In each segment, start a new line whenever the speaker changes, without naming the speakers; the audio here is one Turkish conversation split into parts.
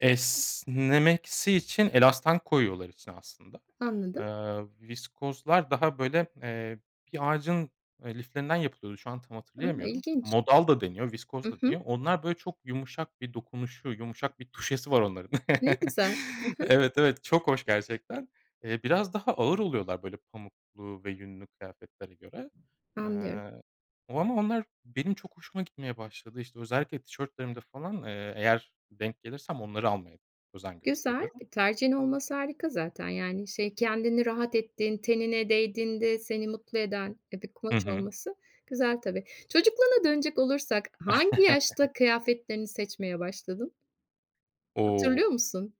Esnemesi için elastan koyuyorlar içine aslında.
Anladım.
Iıı, viskozlar daha, böyle, eee, bir ağacın, eee, liflerinden yapılıyordu. Şu an tam
Imm,
hatırlayamıyorum.
ilginç.
Modal da deniyor, viskoz
Hı
da
hı.
deniyor. Onlar böyle çok yumuşak bir dokunuşu, yumuşak bir tuşesi var onların.
Ne güzel. Hı hı.
Evet, evet, çok hoş gerçekten. Eee, biraz daha ağır oluyorlar, böyle, pamuklu ve yünlü kıyafetlere göre.
Anlıyorum.
Eee, o ama onlar benim çok hoşuma gitmeye başladı. İşte, özellikle tişörtlerimde falan, eee, eğer denk gelirsem onları almaya özen
Güzel,
gösteriyorum.
e, tercihin olması harika zaten. Yani, şey, kendini rahat ettiğin tenine değdiğinde seni mutlu eden, eee, bir
Hı
kumaş
hı.
olması güzel, tabii. Çocukluğuna dönecek olursak, hangi yaşta kıyafetlerini seçmeye başladın?
O!
Hatırlıyor musun?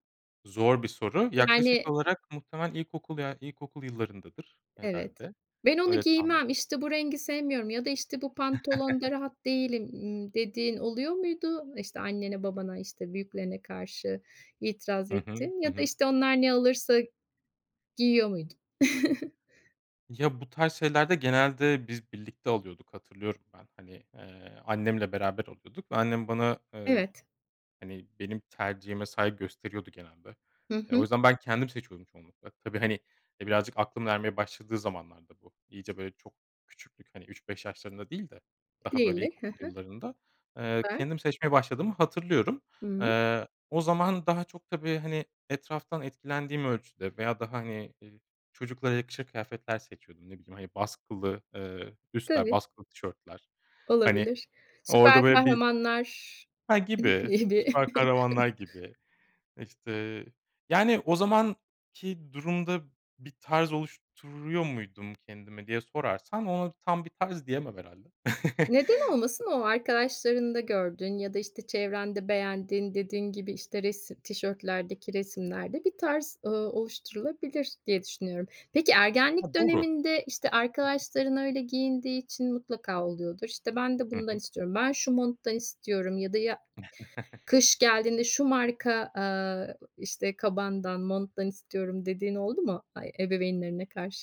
Zor bir soru. Yaklaşık
Yani
olarak muhtemelen ilkokul ya ilkokul yıllarındadır
Evet.
herhâlde.
"Ben onu
Öyle tahmin
giymem, işte, bu rengi sevmiyorum ya da, işte, bu pantolonda rahat değilim." ımm, dediğin oluyor muydu? İşte, annene, babana, işte, büyüklerine karşı itiraz
Hı hı.
ettin
Hı
ya da,
hı.
işte, onlar ne alırsa giyiyor muydun?
Ya, bu tarz şeylerde genelde biz birlikte alıyorduk, hatırlıyorum ben. Hani, eee, annemle beraber alıyorduk ve annem bana, eee,
Evet.
hani, benim tercihime saygı gösteriyordu genelde.
Hı
E, o
hı.
yüzden ben kendim seçiyordum çoğunlukla. Tabii, hani, e, birazcık aklımın ermeye başladığı zamanlarda bu iyice, böyle, çok küçüklük, hani, 3-5 yaşlarında değil de daha, böyle,
[unintelligible] Hı
ilkokul
hı.
yıllarında, eee,
Süper.
kendim seçmeye başladığımı hatırlıyorum.
Hıı.
Eee, o zaman daha çok, tabii, hani, etraftan etkilendiğim ölçüde veya daha, hani, ııı, çocuklara yakışır kıyafetler seçiyordum. Ne bileyim, hani, baskılı, ııı, üstler,
Tabii.
baskılı tişörtler. Hani,
Olabilir. Süper
orada böyle bir
kahramanlar
Ha,
[unintelligible]
gibi, süper kahramanlar gibi. İşte, yani, o zamanki durumda bir tarz oluşturuyor muydum kendime diye sorarsan, ona tam bir tarz diyemem herhâlde.
Neden olmasın, o arkadaşlarında gördüğün ya da, işte, çevrende beğendiğin dediğin gibi, işte, resi tişörtlerdeki resimlerde bir tarz, ııı, oluşturulabilir diye düşünüyorum. Peki,
Ha,
ergenlik
doğru. Hı
döneminde, işte,
hı.
arkadaşların öyle giyindiği için mutlaka oluyordur. İşte, ben de
Hı
bundan
hı.
istiyorum. "Ben şu monttan istiyorum." ya da ya kış geldiğinde "Şu marka," aaa, işte, "kabandan, monttan istiyorum." dediğin oldu mu ai ebeveynlerine karşı?